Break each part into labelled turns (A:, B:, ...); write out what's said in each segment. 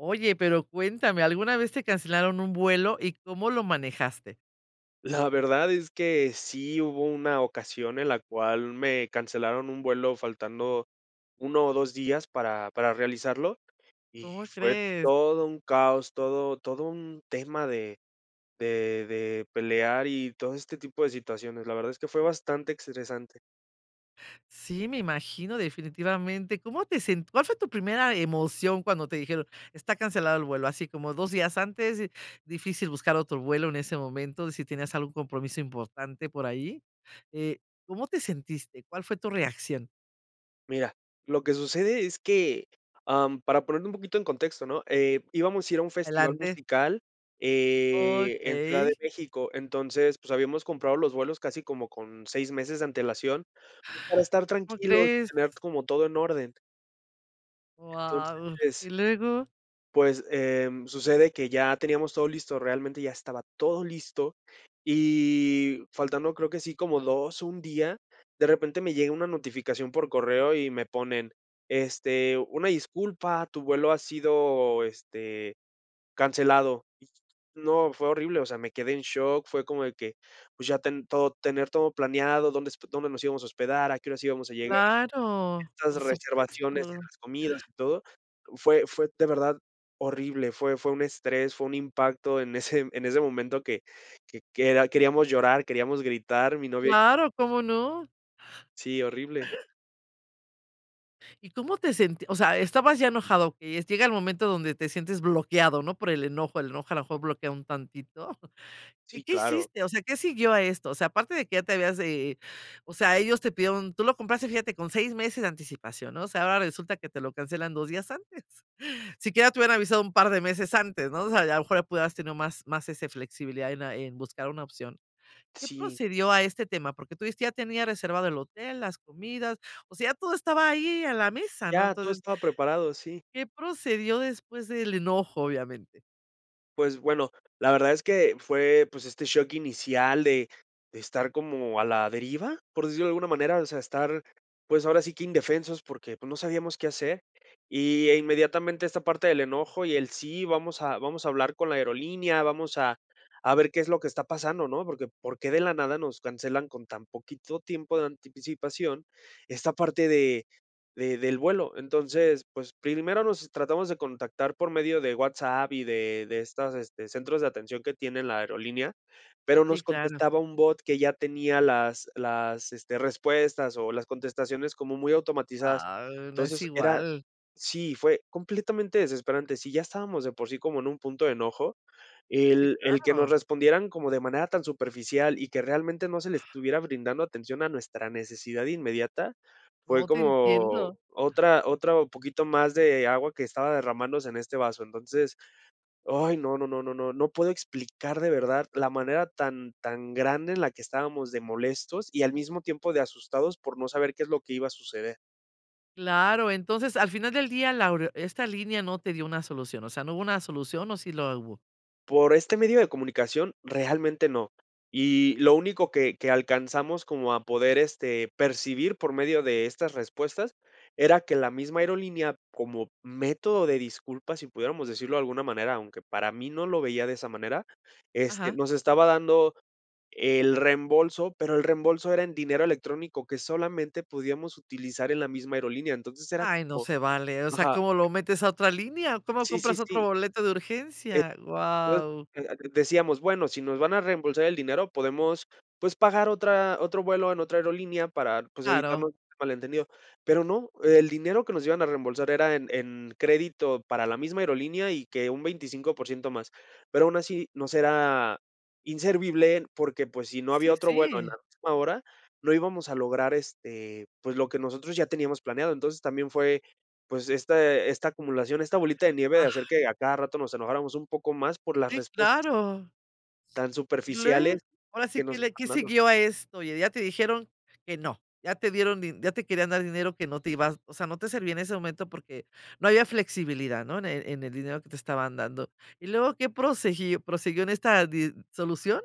A: Oye, pero cuéntame, ¿alguna vez te cancelaron un vuelo y cómo lo manejaste?
B: La verdad es que sí, hubo una ocasión en la cual me cancelaron un vuelo faltando 1 o 2 días para para realizarlo, y
A: ¿Cómo
B: fue
A: crees?
B: todo un caos, todo todo un tema de de de pelear y todo este tipo de situaciones. La verdad es que fue bastante estresante.
A: Sí, me imagino definitivamente, ¿cómo te sent cuál fue tu primera emoción cuando te dijeron está cancelado el vuelo? Así como 2 días antes, eh, difícil buscar otro vuelo en ese momento, si tenías algún compromiso importante por ahí? Eh, ¿cómo te sentiste? ¿Cuál fue tu reacción?
B: Mira, lo que sucede es que, ah, mm, para ponerme un poquito en contexto, ¿no? Eh, Íbamos a ir a un festival
A: Adelante.
B: musical, eh, en Ciudad de
A: Okey.
B: México, entonces, pues, habíamos comprado los vuelos casi como con 6 meses de antelación, para estar
A: ¿Cómo
B: tranquilos y
A: crees?
B: tener como todo en orden.
A: Guau,
B: Entonces
A: ¿y luego?
B: pues, em, sucede que ya teníamos todo listo, realmente ya estaba todo listo, y faltando, creo que sí como 2 o 1 día, de repente me llega una notificación por correo y me ponen, este: "Una disculpa, tu vuelo ha sido, este, cancelado". Y no, fue horrible, o sea, me quedé en shock, fue como de que, pues, ya ten todo tener todo planeado, dónde hosp dónde nos íbamos a hospedar, a qué horas íbamos a llegar.
A: Claro,
B: Estas
A: por
B: reservaciones en
A: supuesto.
B: las comidas y todo, fue fue, de verdad, horrible, fue fue un estrés, fue un impacto en ese en ese momento, que que que era queríamos llorar, queríamos gritar, mi novia y
A: Claro, ¿Cómo no?
B: Sí, horrible.
A: ¿Y cómo te sent? O sea estabas ya enojado que es llega el momento donde te sientes bloqueado ¿no? Por el enojo el enojo a lo mejor bloquea un tantito. Y,
B: Sí,
A: ¿qué
B: claro.
A: hiciste? O sea, ¿qué siguió a esto? O sea, aparte de que ya te habías, eh eh, o sea ellos te pidieron tú lo compraste fíjate con 6 meses de anticipación, ¿no? O sea ahora resulta que te lo cancelan 2 días antes. Si quiera te hubieran avisado un par de meses antes ¿no? O sea, y a lo mejor pudieras tener más más, ese, flexibilidad en, ah, buscar una opción, ¿qué
B: Sí.
A: procedió a este tema? Porque, tú dijiste ya tenía reservado el hotel, las comidas. O sea todo estaba ahí a la mesa ¿no?
B: Ya, todo
A: Entonces
B: estaba preparado, sí.
A: ¿Qué procedió después del enojo, obviamente?
B: Pues, bueno, la verdad es que fue, pues, este shock inicial de de estar como a la deriva, por decirlo de alguna manera, o sea, estar, pues, ahora sí que indefensos, porque, pues, no sabíamos qué hacer. Y, eh, inmediatamente esta parte del enojo y el sí, vamos a vamos a hablar con la aerolínea, vamos a a ver qué es lo que está pasando ¿no? ¿Por qué por qué, de la nada nos cancelan con tan poquito tiempo de anticipación esta parte de de del vuelo? Entonces, pues, primero los tratamos de contactar por medio de WhatsApp y de de estas, este, centros de atención que tiene la aerolínea, pero, nos
A: Sí, claro.
B: contestaba un bot que ya tenía las las, este, respuestas o las contestaciones como muy automatizadas.
A: Ah, no es
B: Entonces, era
A: igual.
B: sí, fue completamente desesperante. Si ya estábamos de por sí como en un punto de enojo,
A: Sí,
B: el el que nos
A: claro.
B: respondieran como de manera tan superficial y que realmente no se le estuviera brindando atención a nuestra necesidad inmediata, fue
A: No, te
B: como
A: entiendo.
B: otra otro poquito mas de agua que estaba derrmandose en este vaso. Entonces, ay, no, no, no, no, no, no puedo explicar de verdad la manera tan tan grande en la que estábamos de molestos y al mismo tiempo de asustados, por no saber qué es lo que iba a suceder.
A: Claro. Entonces, al final del día, la aurio esta línea no te dio una solución. O sea, ¿no hubo una solución, o sí la o hubo?
B: Por este medio de comunicación realmente no. Y lo único que que alcanzamos como a poder, este, percibir por medio de estas respuestas, era que la misma aerolínea, como método de disculpas, si pudiéramos decirlo de alguna manera, aunque para mí no lo veía de esa manera, este,
A: Ajá.
B: nos estaba dando el reembolso, pero, el reembolso era en dinero electrónico que solamente podíamos utilizar en la misma aerolínea, entonces era
A: Ay, no
B: como
A: se vale. O sea,
B: Ajá.
A: ¿cómo lo metes a otra línea? ¿Cómo
B: Sí, sí,
A: compras otro
B: sí.
A: boleto de
B: Eh,
A: urgencia? Guau.
B: [unintelligible] decíamos, bueno, si nos van a reembolsar el dinero, podemos, pues, pagar otra otro vuelo en otra aerolínea para, pues,
A: Claro.
B: evitarnos mal entendido. Pero no, el dinero que nos iban a reembolsar era en en crédito para la misma aerolínea, y que un 25% más. Pero, aún así nos era inservible, porque, pues, si no había
A: Sí,
B: otro bueno en la
A: sí.
B: misma hora, no íbamos a lograr, este, pues, lo que nosotros ya teníamos planeado. Entonces, también fue, pues, este esta acumulación, esta bolita de nieve de hacer
A: Ah.
B: que a cada rato nos enojáramos un poco más por las
A: Sí,
B: respuestas
A: claro.
B: tan
A: Y
B: superficiales
A: lue ahora sí
B: que
A: que
B: nos
A: le que
B: estaban dando.
A: siguió a esto. Oye, ya te dijeron que no, ya te dieron din ya te querían dar dinero que no te ibas o sea, no te servía en ese momento, porque, no había flexibilidad, ¿no? En el en el dinero que te estaban dando, ¿y luego qué prosiguió- prosiguió en esta di solución?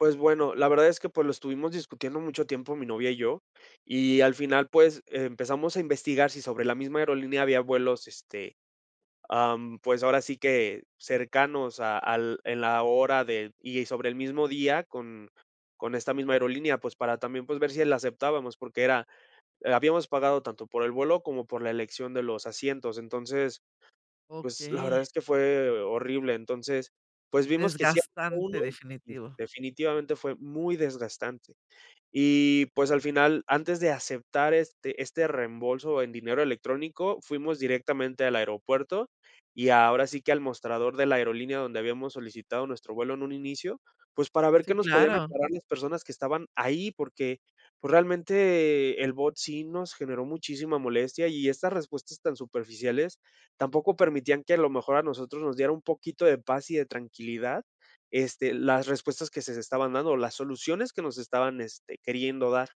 B: Pues bueno, la verdad es que, pues, lo estuvimos discutiendo mucho tiempo mi novia y yo. Y al final, pues, eh, empezamos a investigar si sobre la misma aerolínea había vuelos, este, ah, mm, pues ahora sí que cercanos a al en la hora de y sobre el mismo día con con esta misma aerolínea, pues, para también, pues ver si la aceptábamos. Porque, era habíamos pagado tanto por el vuelo, como por la elección de los asientos. Entonces, pues, la verdad
A: Okey.
B: es que fue horrible. Entonces, pues, vimos que sí había
A: Desgastante.
B: uno
A: Definitivo.
B: definitivamente fue muy desgastante. Y, pues, al final, antes de aceptar este este reembolso en dinero electrónico, fuimos directamente al aeropuerto. Y ahora sí que al mostrador de la aerolínea donde habíamos solicitado nuestro vuelo en un inicio, pues, para ver qué
A: Sí,
B: nos podían
A: claro.
B: aclarar las personas que estaban ahí, porque, pues realmente el bot sí nos generó muchísima molestia y estas respuestas tan superficiales, tampoco permitían que a lo mejor a nosotros nos diera un poquito de paz y de tranquilidad, este, las respuestas que se estaban dando, las soluciones que nos estaban, este, queriendo dar.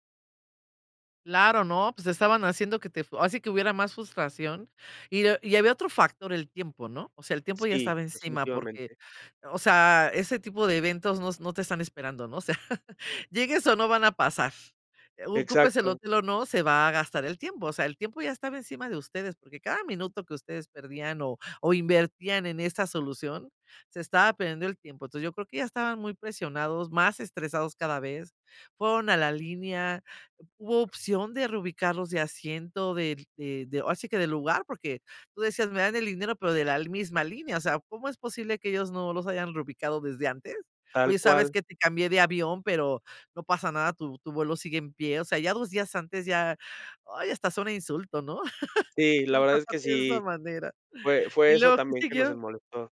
A: Claro, no, pues estaban haciendo que te fue así que hubiera más frustración, y ah y había otro factor, el tiempo, ¿no?, o sea, el tiempo ya
B: Sí,
A: estaba encima porque,
B: definitivamente.
A: o sea, ese tipo de eventos no s no te están esperando, ¿no?, o sea, llegues o no, van a pasar, u ocupes el
B: Exacto.
A: hotel o no, se va a gastar el tiempo, o sea, el tiempo ya estaba encima de ustedes, porque cada minuto que ustedes perdían o o invertían en esa solución, se estaba perdiendo el tiempo, entonces, yo creo que ya estaban muy presionados, más estresados cada vez, fueron a la línea, hubo opción de reubicarlos de asiento, del de de ahora sí que del lugar, porque tú decías me dan el dinero pero de la misma línea, o sea, ¿cómo es posible que ellos no los hayan reubicado desde antes?,
B: Tal
A: oye, ¿sabes
B: cual.
A: que?, te cambié de avión pero no pasa nada tu tu vuelo sigue en pie, o sea, ya 2 días antes ya, ay, hasta es un insulto, ¿no?
B: Sí, la verdad es
A: [unintelligible]
B: que
A: de esa
B: sí,
A: manera,
B: fue fue
A: ¿y
B: eso
A: luego qué
B: también que nos, eh,
A: siguió?
B: molestó.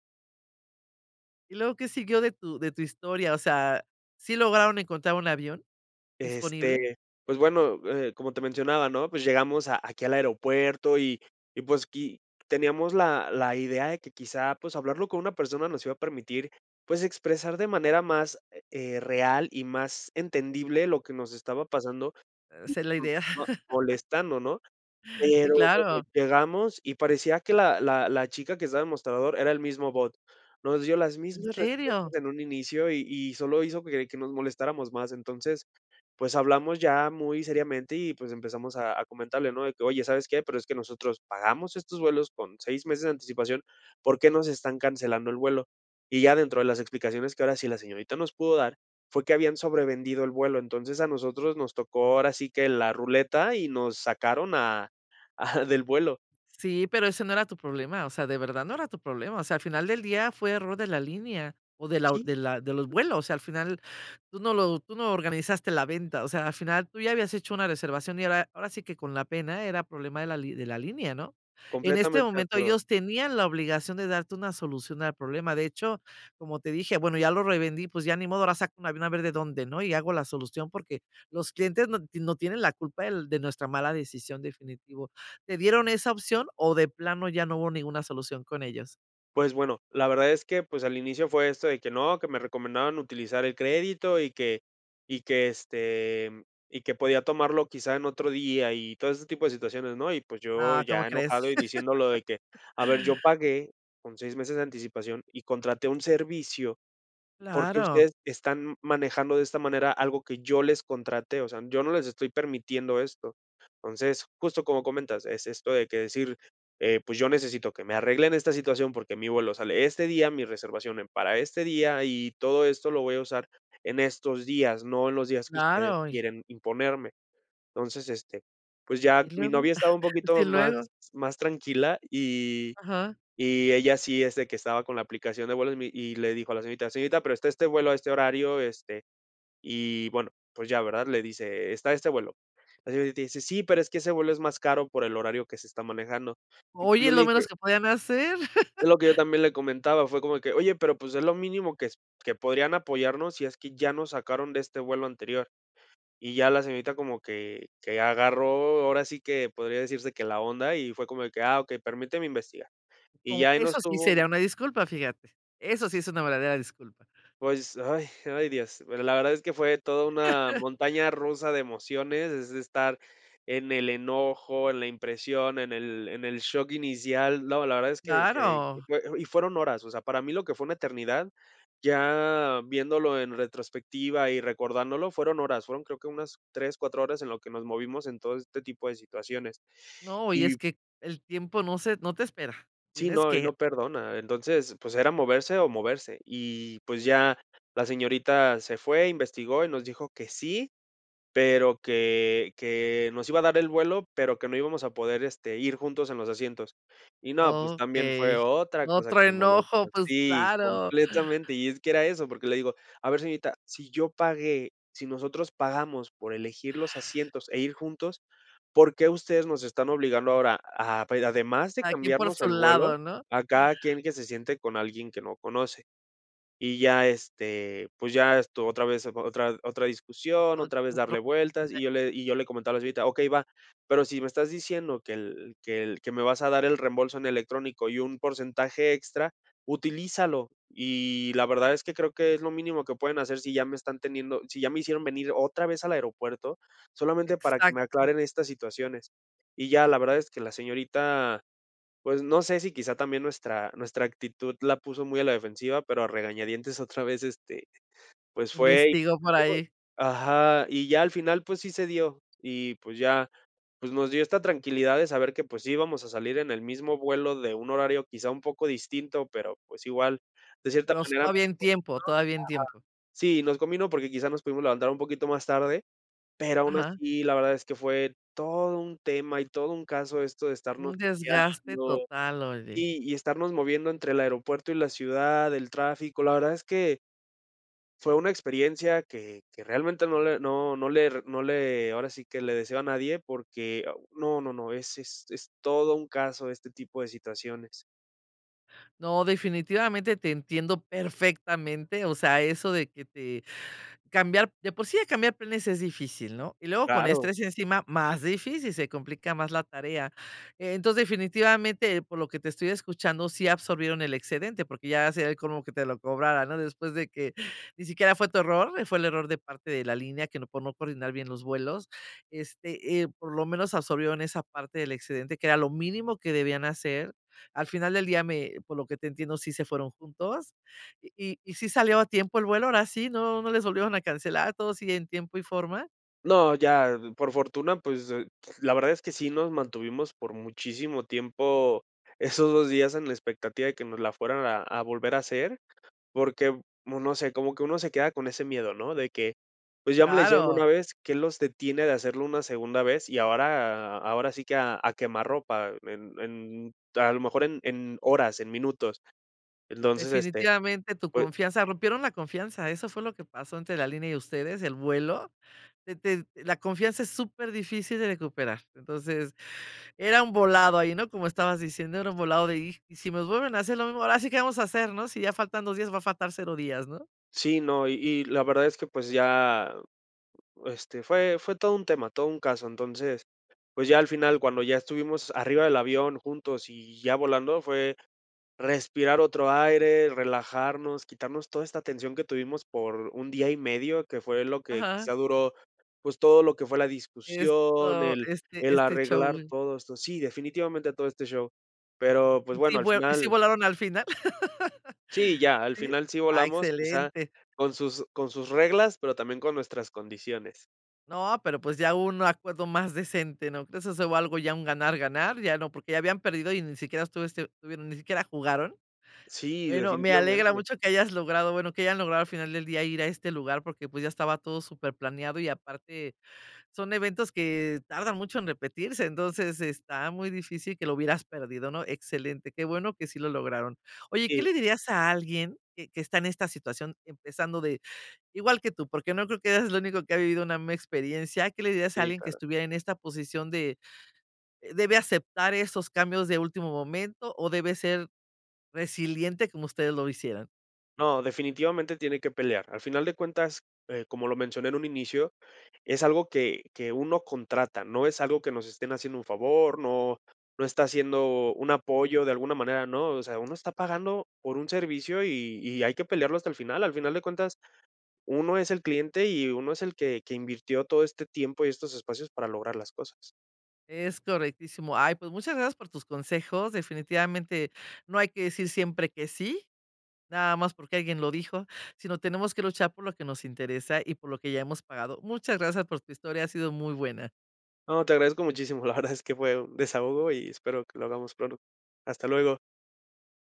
A: ¿Y luego qué siguió de tu de tu historia?, o sea, ¿sí lograron encontrar un avión disponible?
B: Este, pues bueno, eh, como te mencionaba, ¿no?, pues llegamos a aquí al aeropuerto y y, pues qui teníamos la la idea de que quizá, pues hablarlo con una persona nos iba a permitir, pues, expresar de manera más, eh, real y más entendible lo que nos estaba pasando
A: Esa es la idea,
B: [unintelligible] molestando, ¿no?,
A: sí,
B: pero
A: claro.
B: llegamos y parecía que la la la chica que estaba de mostrador era el mismo bot, nos dio las
A: ¿En
B: mismas respuestas
A: serio?
B: en un inicio y y solo hizo que que nos molestáramos más, entonces, pues, hablamos ya muy seriamente y, pues, empezamos a a comentarle, ¿no? de que: "Oye, ¿sabes qué?, pero es que nosotros pagamos estos vuelos con 6 meses de anticipación, ¿por qué no se están cancelando el vuelo?", y ya dentro de las explicaciones que ahora sí la señorita nos pudo dar, fue que habían sobrevendido el vuelo, entonces, a nosotros nos tocó ahora sí que la ruleta y nos sacaron a a del vuelo.
A: Sí, pero ese no era tu problema, o sea, de verdad no era tu problema, o sea, al final del día fue error de la línea o de la
B: Sí,
A: de
B: sí.
A: la de los vuelos, o sea, al final tú no lo tú no organizaste la venta, o sea, al final tú ya habías hecho una reservación y era ahora sí que con la pena, era problema de la de la línea, ¿no?, en este
B: Completamente de
A: momento
B: acuerdo.
A: ellos tenían la obligación de darte una solución al problema, de hecho, como te dije, bueno, ya lo revendí, pues ya ni modo, ahora saca un avión a ver de dónde, ¿no?, y hago la solución porque los clientes no tie no tienen la culpa del de nuestra mala decisión, definitivo, ¿te dieron esa opción o de plano ya no hubo ninguna solución con ellos?
B: Pues bueno, la verdad es que, pues, al inicio fue esto de que no, que me recomendaban utilizar el crédito y que y que, este, mm, y que podía tomarlo quizá en otro día y todo ese tipo de situaciones, ¿no?, y, pues, yo
A: Ah, ¿cómo
B: ya
A: crees?
B: enojado y diciendo lo de que, a ver, yo pagué con 6 meses de anticipación y contraté un servicio, ¿porque
A: Claro.
B: ustedes están manejando de esta manera algo que yo les contraté?, o sea, yo no les estoy permitiendo esto, entonces, justo como comentas, es esto de que decir: "Eh, pues, yo necesito que me arreglen esta situación, porque mi vuelo sale este día, mi reservación en para este día, y todo esto lo voy a usar en estos días, no en los días que ustedes
A: Claro, y
B: quieren imponerme", entonces, este, pues, ya
A: ¿Y
B: mi
A: luego?,
B: novia estaba un
A: ¿y
B: poquito más
A: luego?
B: más tranquila, y
A: Ajá.
B: y ella sí, es de que estaba con la aplicación de vuelos y me y le dijo a la señorita, señorita, pero está este vuelo a este horario, este, y bueno, pues ya, ¿verdad?, le dice, está este vuelo, la señorita dice: "Sí, pero es que ese vuelo es más caro por el horario que se está manejando", y pues
A: Oye,
B: yo
A: es
B: le
A: lo menos
B: dije
A: que podían hacer.
B: es lo que yo también le comentaba, fue como que: "Oye, pero, pues, es lo mínimo que s que podrían apoyarnos si es que ya nos sacaron de este vuelo anterior, y ya la señorita como que que agarró, ahora sí que podría decirse que la onda, y fue como de que: "Ah, okey, permíteme investigar", y ya
A: Como
B: ahí
A: eso
B: nos
A: sí
B: tuvo.
A: sería una disculpa, fíjate, eso sí es una verdadera disculpa.
B: Pues, ay ay, dios, pero la verdad es que fue toda una montaña rusa de emociones, es de estar en el enojo, en la impresión, en el en el shock inicial, no, la verdad es que que
A: Claro.
B: fue y fueron horas, o sea, para mí lo que fue una eternidad, ya viéndolo en retrospectiva y recordándolo, fueron horas, fueron creo que unas 3, 4 horas en lo que nos movimos en todo este tipo de situaciones,
A: No, y es
B: y
A: que el tiempo no se, no te espera,
B: Sí,
A: tienes
B: no, y
A: que
B: no perdona, entonces, pues, era moverse o moverse, y, pues, ya la señorita se fue, investigó y nos dijo que sí, pero que que nos iba a dar el vuelo, pero que no íbamos a poder, este, ir juntos en los asientos, y no, pues, también
A: Okey,
B: fue otra cosa que
A: otro
B: me molestó,
A: enojo, pues,
B: sí,
A: claro.
B: completamente, y es que era eso, porque le digo: "A ver, señorita, si yo pagué si nosotros pagamos por elegir los asientos e ir juntos, ¿por qué ustedes nos están obligando ahora a pa además de
A: Cada quien por
B: cambiarnos
A: su
B: el vuelo,
A: lado, ¿no?
B: a cada quien que se siente con alguien que no conoce", y ya, este, pues ya, esto otra vez otra otra discusión, otra vez darle vueltas,
A: [unintelligible]
B: y yo le y yo le comentaba a la señorita, okey, va, pero si me estás diciendo que el que el que me vas a dar el reembolso en electrónico y un porcentaje extra, utilízalo, y la verdad es que creo que es lo mínimo que pueden hacer si ya me están teniendo si ya me hicieron venir otra vez al aeropuerto, solamente para que me
A: Exacto.
B: aclaren estas situaciones, y ya, la verdad es que la señorita, pues, no sé si quizá también nuestra nuestra actitud la puso muy a la defensiva, pero a regañadientes otra vez, este, pues, fue y
A: Investigo
B: y
A: por
B: luego,
A: ahí.
B: ajá, y ya al final, pues sí se dio, y pues ya, pues nos dio esta tranquilidad de saber que, pues sí íbamos a salir en el mismo vuelo de un horario quizá un poco distinto, pero pues igual, de cierta
A: Pero s
B: manera, nos
A: todavía
B: contestó,
A: en tiempo, todavía en tiempo.
B: ajá, sí, nos combino, porque quizás nos pudimos levantar un poquito más tarde, pero aún
A: Ajá.
B: así, la verdad es que fue todo un tema y todo un caso esto de
A: Un
B: estarnos
A: desgaste
B: peleando
A: total, oye.
B: y y estarnos moviendo entre el aeropuerto y la ciudad, el tráfico, la verdad es que. Fue una experiencia que que realmente no le no no le no le ahora sí que le deseo a nadie, porque no, no, no, es es es todo un caso este tipo de situaciones.
A: No, definitivamente te entiendo perfectamente, o sea, eso de que te cambiar de por sí ya cambiar planes es difícil, ¿no?, y luego con
B: Claro.
A: estrés encima más difícil, se complica más la tarea, entonces, definitivamente, por lo que te estoy escuchando sí absorbieron el excedente, porque ya se sería el colmo que te lo cobrara, ¿no?, después de que ni siquiera fue tu error, eh, fue el error de parte de la línea que no por no coordinar bien los vuelos, este, eh, por lo menos absorbieron esa parte del excedente que era lo mínimo que debían hacer, al final del día me por lo que te entiendo sí se fueron juntos, ¿y y sí salió a tiempo el vuelo ahora sí?, ¿no no les volvieron a cancelar a todos y en tiempo y forma?
B: No, ya, por fortuna, pues, eh, la verdad es que sí nos mantuvimos por muchísimo tiempo esos 2 días en la expectativa de que nos la fueran a a volver a hacer, porque, uno se, como que uno se queda con ese miedo, ¿no?, de que, pues, ya me la hicieron
A: Claro.
B: una vez, ¿qué los detiene de hacerlo una segunda vez?, y ahora ahora sí que a a quemarropa en en a lo mejor en en horas, en minutos, entonces, este,
A: Definitivamente tu
B: pue
A: confianza, rompieron la confianza, eso fue lo que pasó entre la línea y ustedes, el vuelo, de te la confianza es súper difícil de recuperar, entonces, era un volado ahí, ¿no?, como estabas diciendo, era un volado de: "Y si me vuelven a hacer lo mismo, ahora sí que vamos a hacer, ¿no?, si ya faltan 2 días, va a faltar 0 días", ¿no?
B: Sí, no, y y la verdad es que, pues, ya, este, fue fue todo un tema, todo un caso, entonces, pues, ya al final, cuando ya estuvimos arriba del avión juntos y ya volando, fue respirar otro aire, relajarnos, quitarnos toda esta tensión que tuvimos por un día y medio, que fue lo que
A: Ajá.
B: quizá duró, pues, todo lo que fue la discusión,
A: Esto
B: el
A: este
B: el
A: este
B: arreglar
A: show.
B: todo esto, sí, definitivamente todo este show, pero, pues
A: ¿Sí
B: bueno, al
A: vue?, ¿y sí
B: final
A: volaron al final?
B: sí, ya, al
A: ¿Sí?,
B: final sí
A: ah,
B: volamos, quizá
A: excelente.
B: con sus con sus reglas, pero también con nuestras condiciones.
A: No, pero pues ya un acuerdo más decente, ¿no crees?, eso es algo ya un ganar ganar, ya no, porque ya habían perdido y ni siquiera estuviste, bueno, ni siquiera jugaron.
B: Sí,
A: Bueno, me alegra
B: definitivamente.
A: mucho que hayas logrado, bueno, que hayan logrado al final del día ir a este lugar, porque pues ya estaba todo superplaneado y aparte son eventos que tardan mucho en repetirse, entonces está muy difícil que lo hubieras perdido, ¿no?, excelente, qué bueno que sí lo lograron. Oye, ¿qué
B: Sí.
A: le dirías a alguien que que está en esta situación empezando de igual que tú? Porque no creo que eres el único que ha vivido una misma experiencia, ¿qué le dirías a
B: Sí,
A: alguien que
B: claro.
A: estuviera en esta posición de debe aceptar esos cambios de último momento o debe ser resiliente como ustedes lo hicieron?
B: No, definitivamente tiene que pelear, al final de cuentas, eh, como lo mencioné en un inicio, es algo que que uno contrata, no es algo que nos estén haciendo un favor, no no está haciendo un apoyo de alguna manera, ¿no?, o sea, uno está pagando por un servicio y y hay que pelearlo hasta el final, al final de cuentas, uno es el cliente y uno es el que que invirtió todo este tiempo y estos espacios para lograr las cosas.
A: Es correctísimo, ay, pues muchas gracias por tus consejos, definitivamente no hay que decir siempre que sí, nada más porque alguien lo dijo, sino tenemos que luchar por lo que nos interesa y por lo que ya hemos pagado, muchas gracias por tu historia, ha sido muy buena.
B: No, te agradezco muchísimo, la verdad es que fue un desahogo y espero que lo hagamos pronto, hasta luego.